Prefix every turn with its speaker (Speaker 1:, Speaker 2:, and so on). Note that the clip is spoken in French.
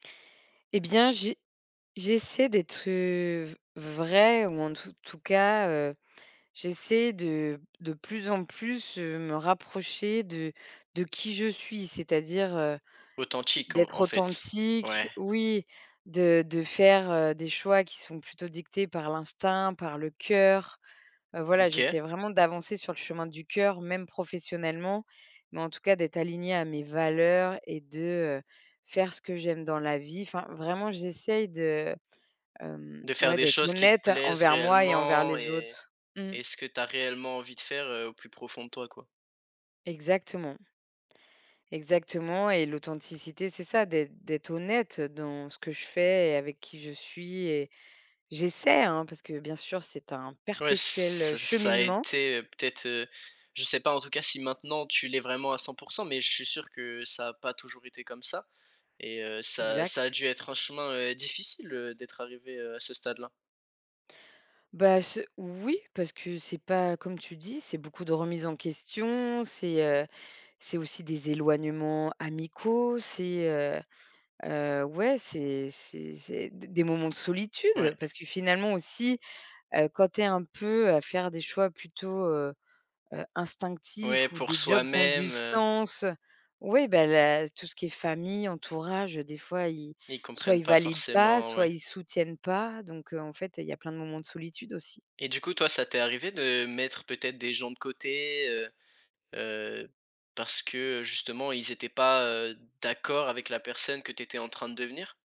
Speaker 1: Eh bien, j'ai j'essaie d'être, heu, v vraie ou en tout tout cas, heu, j'essaie de de plus en plus, heu, me rapprocher de de qui je suis, c'est-à-dire, heu,
Speaker 2: Authentique, en
Speaker 1: d'être
Speaker 2: en fait?
Speaker 1: authentique,
Speaker 2: Ouais.
Speaker 1: oui, de de faire, heu, des choix qui sont plutôt dictés par l'instinct, par le cœur, heu, voilà,
Speaker 2: OK.
Speaker 1: j'essaie vraiment d'avancer sur le chemin du cœur, même professionnellement, mais en tout cas d'être alignée à mes valeurs et de, heu, faire ce que j'aime dans la vie, enfin, vraiment j'essaye de, hem,
Speaker 2: De faire
Speaker 1: ouais,
Speaker 2: des
Speaker 1: d'être
Speaker 2: choses qui te
Speaker 1: honnête
Speaker 2: plaisent
Speaker 1: envers moi et envers
Speaker 2: réellement
Speaker 1: les
Speaker 2: et
Speaker 1: autres. Mmh.
Speaker 2: et ce que tu as réellement envie de faire, heu, au plus profond de toi, quoi?
Speaker 1: Exactement exactement et l'authenticité c'est ça, d'être d'être honnête, heu, dans ce que je fais et avec qui je suis et j'essaie, hein, parce que bien sûr c'est un
Speaker 2: Ouais, ç
Speaker 1: perpétuel, heu,
Speaker 2: ça a
Speaker 1: cheminement.
Speaker 2: été, heu, peut-être, heu, je sais pas, en tout cas, si maintenant tu l'es vraiment à 100 % mais je suis sûr que ça a pas toujours été comme ça et heu, ça ça a
Speaker 1: Exact.
Speaker 2: dû être un chemin, heu, difficile, heu, d'être arrivé, heu, à ce stade-là?
Speaker 1: Bah, ce oui, parce que c'est pas comme tu dis, c'est beaucoup de remise en question, c'est, heu, c'est aussi des éloignements amicaux, c'est, heu heu, ouais, c'est c'est c'est des des moments de solitude,
Speaker 2: Ouais.
Speaker 1: heu, parce que finalement aussi, heu, quand tu es un peu, heu, à faire des choix plutôt, heu heu,
Speaker 2: Ouais,
Speaker 1: instinctifs ou
Speaker 2: pour
Speaker 1: des jobs qui ont du
Speaker 2: soi-même, heu
Speaker 1: sens, ouais, bah, la tout ce qui est famille, entourage, heu, des fois, ils
Speaker 2: Et ils
Speaker 1: soit
Speaker 2: comprennent
Speaker 1: ils
Speaker 2: pas
Speaker 1: valident pas,
Speaker 2: forcément,
Speaker 1: soit
Speaker 2: ouais.
Speaker 1: ils soutiennent pas, donc heu, en fait, il y a plein de moments de solitude aussi.
Speaker 2: Et du coup, toi, ça t'es arrivé de mettre peut-être des gens de côté, heu heu, parce que, heu, justement, ils étaient pas, heu, d'accord avec la personne que tu étais en train de devenir?